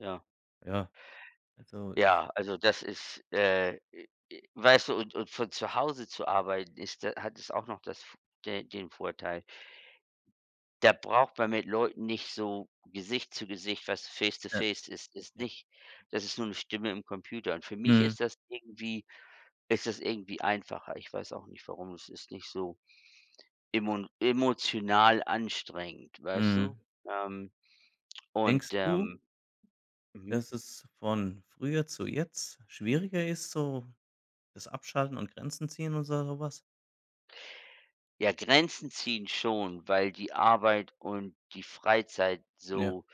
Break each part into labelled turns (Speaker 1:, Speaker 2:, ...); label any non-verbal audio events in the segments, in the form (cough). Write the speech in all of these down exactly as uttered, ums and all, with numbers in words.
Speaker 1: Ja.
Speaker 2: Ja, also, es
Speaker 1: Ja, also, das ist äh, e e weißt du, und und von zu Hause zu arbeiten ist da hat es auch noch das f den den Vorteil da braucht man mit Leuten nicht so Gesicht zu Gesicht, weißt du
Speaker 2: Ja,
Speaker 1: Face-to-Face ist ist
Speaker 2: ja.
Speaker 1: nicht das ist nur 'ne Stimme im Computer und für mich
Speaker 2: Mhm.
Speaker 1: ist das irgendwie ist das irgendwie einfacher. Ich weiß auch nicht warum. Es ist nicht so emon emotional anstrengend, weißt du?
Speaker 2: Mhm.
Speaker 1: Ähm, und,
Speaker 2: Denkst du
Speaker 1: ähm mhm.
Speaker 2: dass es von früher zu jetzt schwieriger ist, so das Abschalten und Grenzen ziehen und sa so was?
Speaker 1: Ja, Grenzen ziehen schon, weil die Arbeit und die Freizeit
Speaker 2: Ja.
Speaker 1: so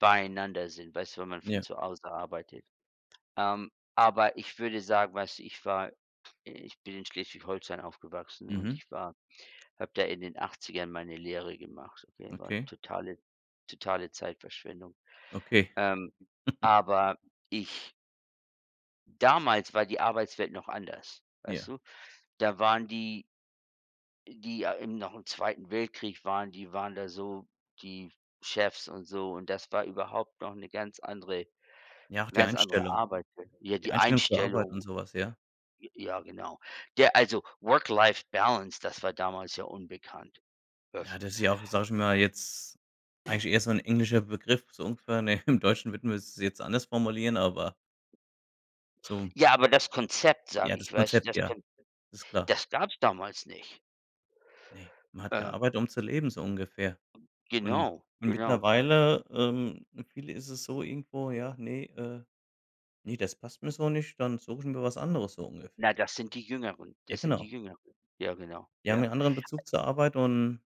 Speaker 1: beieinander sind, weißt du, wenn man von
Speaker 2: Ja.
Speaker 1: zu Hause arbeitet. Ähm, aber ich würde sagen, weißt du, ich war ich bin in Schleswig-Holstein aufgewachsen und
Speaker 2: Mhm.
Speaker 1: ich war habe da in den Achtzigern meine Lehre gemacht, okay? War 'ne
Speaker 2: Okay.
Speaker 1: totale totale Zeitverschwendung.
Speaker 2: Okay.
Speaker 1: Ähm,
Speaker 2: (chuckles)
Speaker 1: aber ich Damals war die Arbeitswelt noch anders, weißt
Speaker 2: Ja.
Speaker 1: du? Da waren die die ja im noch im Zweiten Weltkrieg waren, die waren da so die Chefs und so und das war überhaupt noch 'ne ganz andere
Speaker 2: Ja, auch die
Speaker 1: ganz andere
Speaker 2: Einstellung.
Speaker 1: Arbeitswelt. Ja,
Speaker 2: Die
Speaker 1: die
Speaker 2: Einstellung zur Arbeit und
Speaker 1: Einstellung
Speaker 2: so was, ja?
Speaker 1: j ja, genau. Der also, Work-Life-Balance, das war damals ja unbekannt.
Speaker 2: Ja,
Speaker 1: (unintelligible)
Speaker 2: das ist ja auch, sage ich mal, jetzt eigentlich eher so 'n englischer Begriff so ungefähr, ne? Im Deutschen würden wir es jetzt anders formulieren, aber so
Speaker 1: Ja, aber das Konzept, sage
Speaker 2: Ja, das
Speaker 1: ich, weißt du,
Speaker 2: Konzept,
Speaker 1: das
Speaker 2: ja.
Speaker 1: Konzept,
Speaker 2: Ist klar.
Speaker 1: das gab's damals nicht.
Speaker 2: Ne, man hat
Speaker 1: Äh
Speaker 2: gearbeitet, um zu leben, so ungefähr. Und
Speaker 1: Genau,
Speaker 2: und
Speaker 1: genau.
Speaker 2: mittlerweile, ähm, für viele ist es so irgendwo: „Ja, ne äh, ne, das passt mir so nicht, dann suche ich mir was anderes“, so
Speaker 1: Na,
Speaker 2: ungefähr.
Speaker 1: das sind die Jüngeren.
Speaker 2: Ja,
Speaker 1: Das sind die
Speaker 2: genau.
Speaker 1: Jüngeren. Ja, genau.
Speaker 2: Die haben
Speaker 1: Ja.
Speaker 2: ja anderen Bezug zur Arbeit und